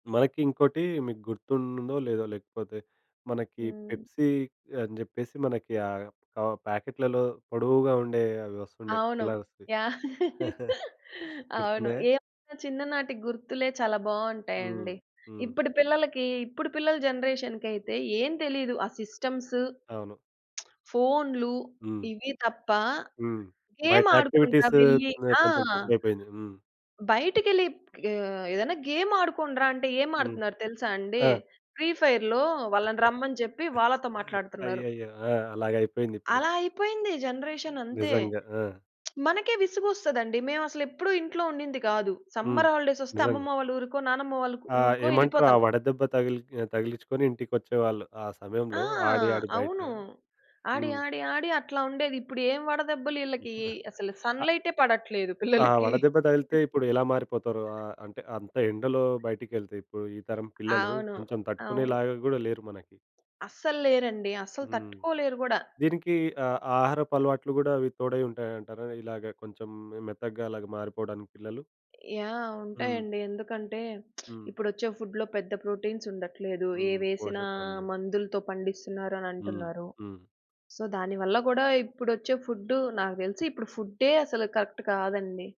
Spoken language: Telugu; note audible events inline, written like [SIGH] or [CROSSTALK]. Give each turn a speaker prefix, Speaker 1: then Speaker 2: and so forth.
Speaker 1: మనకి ఇంకోటి మీకు గుర్తుందో, లేదో లేకపోతే మనకి
Speaker 2: హ్మ్.
Speaker 1: పెప్సీ అని జెప్పేసి, మనకి ఆహ్, క ప్యాకెట్‌లలో పొడవుగా ఉండే అవి వస్తుండే
Speaker 2: అవును.
Speaker 1: కలర్స్‌వి.
Speaker 2: యాహ్!
Speaker 1: [GIGGLES]
Speaker 2: [LAUGHS] అవును.
Speaker 1: గుర్తుందా!
Speaker 2: ఏమైనా చిన్ననాటి గుర్తులే చాలా
Speaker 1: హ్మ్.
Speaker 2: బావుంటాయండి.
Speaker 1: హ్మ్.
Speaker 2: ఇప్పటి పిల్లలకి ఇప్పుడు పిల్లల జనరేషన్‌కైతే, ఏం తెలియదు. ఆ సిస్టమ్సు,
Speaker 1: అవును.
Speaker 2: [SMACKS LIPS] ఫోన్‌లు,
Speaker 1: హ్మ్.
Speaker 2: ఇవి తప్ప
Speaker 1: హ్మ్.
Speaker 2: గేమ్
Speaker 1: బయట
Speaker 2: ఆడుకుందాం
Speaker 1: యాక్టివిటీస్
Speaker 2: యెళ్ళి
Speaker 1: హ్మ్,
Speaker 2: ఆ!
Speaker 1: కొంచెం తక్కువ అయిపోయింది. హ్మ్.
Speaker 2: బయటికెళ్ళి ఆహ్, ఏదైనా గేమ్ ఆడుకోండిరా అంటే, ఏం
Speaker 1: హ్మ్.
Speaker 2: ఆడుతున్నారు తెలుసా అండి?
Speaker 1: ఆ!
Speaker 2: ఫ్రీ ఫైర్‌లో వాళ్ళని రమ్మని జెప్పి
Speaker 1: [GIGGLES]
Speaker 2: వాళ్ళతో మాట్లాడుతున్నారు.
Speaker 1: అయ్యయ్యో! ఆ! అలాగైపోయిందిప్పుడు.
Speaker 2: అలా అయిపోయింది జనరేషన్ అంతే.
Speaker 1: నిజంగా. ఆ!
Speaker 2: [SMACKS LIPS] మనకే విసుగొస్తదండి. మేమసలు ఎప్పుడు ఇంట్లో ఉండింది కాదు.
Speaker 1: హ్మ్.
Speaker 2: సమ్మర్ హాలి డేస్ వొస్తే,
Speaker 1: నిజంగా.
Speaker 2: అమ్మమ్మ వాళ్ళ ఊరికో, నానమ్మ వాళ్ళ ఉ
Speaker 1: ఆ!
Speaker 2: ఊరికో
Speaker 1: ఏమంటరు? ఆ
Speaker 2: యెళ్ళిపోతాం.
Speaker 1: వడదెబ్బ తగిలి ఆహ్, తగిలిచ్చుకొని ఇంటికొచ్చేవాళ్ళు ఆ
Speaker 2: ఆ!
Speaker 1: సమయంలో ఆడి, ఆడి బయట.
Speaker 2: అవును. ఆడి,
Speaker 1: హ్మ్.
Speaker 2: ఆడి, ఆడి అట్లా ఉండేది. ఇప్పుడు ఏం వడదెబ్బలు ఈళ్ళకి.
Speaker 1: [GIGGLES]
Speaker 2: అసలు
Speaker 1: అ
Speaker 2: సన్‌లైటే పడట్లేదు
Speaker 1: ఆ!
Speaker 2: పిల్లలకి.
Speaker 1: వడదెబ్బ తగిలితే
Speaker 2: [GIGGLES]
Speaker 1: ఇప్పుడెలా మారిపోతారో! ఆహ్, అంటే అంత ఎండలో బయటికెళ్తే ఇప్పుడు, ఈ తరం పిల్లలు
Speaker 2: అవును.
Speaker 1: కొంచెం తట్టుకునే
Speaker 2: అవును.
Speaker 1: లాగా గూడా లేరు మనకి.
Speaker 2: అస్సల్లేరండి. అస్సలు
Speaker 1: హ్మ్.
Speaker 2: తట్టుకోలేరు గూడా.
Speaker 1: దీనికి ఆహ్, ఆహారపు అలవాట్లు కూడా అవి తోడై ఉంటాయంటారా? ఇలాగ కొంచెం మె మెత్తగా అలాగ మారిపోవడానికి పిల్లలు.
Speaker 2: యాహ్!
Speaker 1: హ్మ్.
Speaker 2: ఉంటాయండి. ఎందుకంటే, [SMACKS LIPS]
Speaker 1: హ్మ్.
Speaker 2: ఇప్పుడొచ్చే ఫుడ్‌లో పెద్ద ప్రోటీన్స్ ఉండట్లేదు.
Speaker 1: హ్మ్.
Speaker 2: ఏవేసినా,
Speaker 1: పోషకాలు లేవు.
Speaker 2: మందులతో పండిస్తున్నారని
Speaker 1: హ్మ్.
Speaker 2: అంటున్నారు.
Speaker 1: హ్మ్.
Speaker 2: సో, దాని వల్ల కూడా, ఇప్పుడొచ్చే ఫుడ్డు నాకు తెలిసి ఇప్పుడు ఫుడ్డే అసలు కరెక్ట్ కాదండి.